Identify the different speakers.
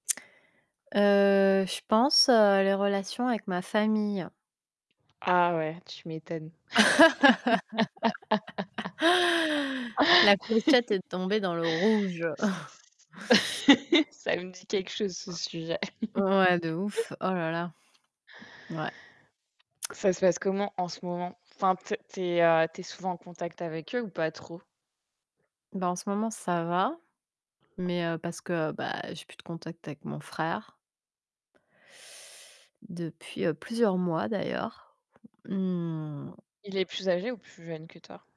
Speaker 1: Heu, je pense, heu, les relations avec ma famille.
Speaker 2: Ah ouais, tu m'étonnes.
Speaker 1: La clochette est tombée dans le rouge!
Speaker 2: Ça me dit quelque chose ce sujet.
Speaker 1: Ouais de ouf oh là là ouais.
Speaker 2: Ça se passe comment en ce moment? Enfin, t tu es heu, tu es souvent en contact avec eux ou pas trop?
Speaker 1: Bah en ce moment ça va, mais heu, parce que, bah j'ai plus de contact avec mon frère depuis heu, plusieurs mois d'ailleurs. Mmh
Speaker 2: Il est plus âgé ou plus jeune que toi?